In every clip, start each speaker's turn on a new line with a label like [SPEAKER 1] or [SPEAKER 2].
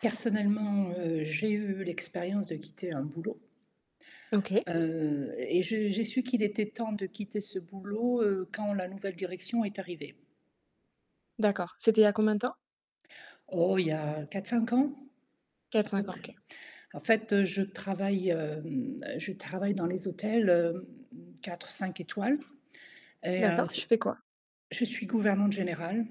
[SPEAKER 1] Personnellement, heu, j'ai eu l'expérience de quitter un boulot.
[SPEAKER 2] OK.
[SPEAKER 1] Heu, et je j'ai su qu'il était temps de quitter ce boulot, heu, quand la nouvelle direction est arrivée.
[SPEAKER 2] D'accord, c'était il y a combien de temps?
[SPEAKER 1] Oh, il y a 4-5 ans, à peu
[SPEAKER 2] 4-5 ans,
[SPEAKER 1] près.
[SPEAKER 2] OK.
[SPEAKER 1] En fait, heu, je travaille hem, je travaille dans les hôtels 4-5 étoiles, et heu,
[SPEAKER 2] D'accord,
[SPEAKER 1] c
[SPEAKER 2] tu fais quoi?
[SPEAKER 1] je suis gouvernante générale,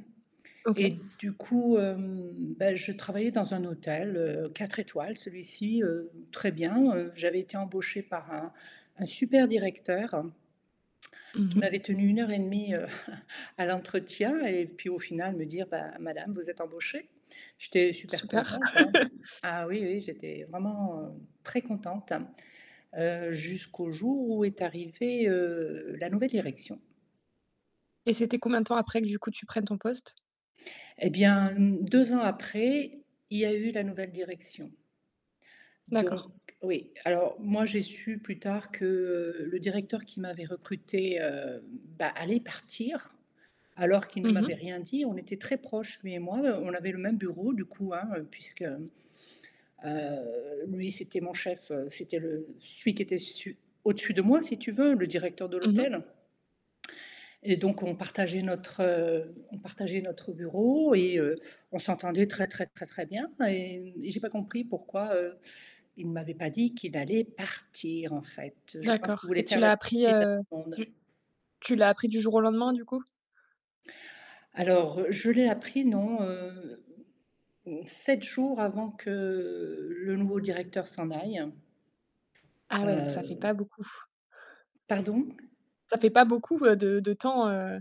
[SPEAKER 1] et
[SPEAKER 2] OK.
[SPEAKER 1] du coup, hem, bah, je travaillais dans un hôtel, heu, 4 étoiles, celui-ci, heu, très bien, heu, j'avais été embauchée par un un super directeur.
[SPEAKER 2] Mmh
[SPEAKER 1] Qui
[SPEAKER 2] mh.
[SPEAKER 1] m'avait tenu 1 heure et 1/2 à l'entretien, et puis, au final, me dire: «Bah, madame, vous êtes embauchée». J'étais super
[SPEAKER 2] Super.
[SPEAKER 1] contente, hein. Ah oui, oui, j'étais vraiment très contente, heu, jusqu'au jour où est arrivée, heu, la nouvelle direction.
[SPEAKER 2] Et c'était combien de temps après, que du coup, tu prennes ton poste?
[SPEAKER 1] Et bien, 2 ans après, il y a eu la nouvelle direction donc
[SPEAKER 2] D'accord.
[SPEAKER 1] oui, alors moi j'ai su plus tard que, heu, le directeur qui m'avait recruté, heu, bah, allait partir alors qu'il
[SPEAKER 2] Mmh mh.
[SPEAKER 1] m'avait rien dit. On était très proches, lui et moi, on avait le même bureau du coup, hein, heu, puisque, heu, lui c'était mon chef, c'était celui qui était su au-dessus de moi si tu veux, le directeur de
[SPEAKER 2] Mmh mh.
[SPEAKER 1] l'hôtel. Et donc on partageait notre heu, on partageait notre bureau et heu, on s'entendait très, très, très, très bien et mmh, et j'ai pas compris pourquoi, heu, il m'avait pas dit qu'il allait partir en fait. Je pense
[SPEAKER 2] D'accord,
[SPEAKER 1] qu'il
[SPEAKER 2] et
[SPEAKER 1] voulait
[SPEAKER 2] tu
[SPEAKER 1] faire la
[SPEAKER 2] l'as appris,
[SPEAKER 1] surprise à tout
[SPEAKER 2] heu,
[SPEAKER 1] le monde.
[SPEAKER 2] du tu l'as appris du jour au lendemain, du coup?
[SPEAKER 1] Alors, je l'ai appris, non, heu, 7 jours avant que le nouveau directeur s'en aille.
[SPEAKER 2] Ah, ouais, donc ça fait
[SPEAKER 1] Heu
[SPEAKER 2] pas beaucoup.
[SPEAKER 1] Pardon.
[SPEAKER 2] Ça fait pas beaucoup de de temps, heu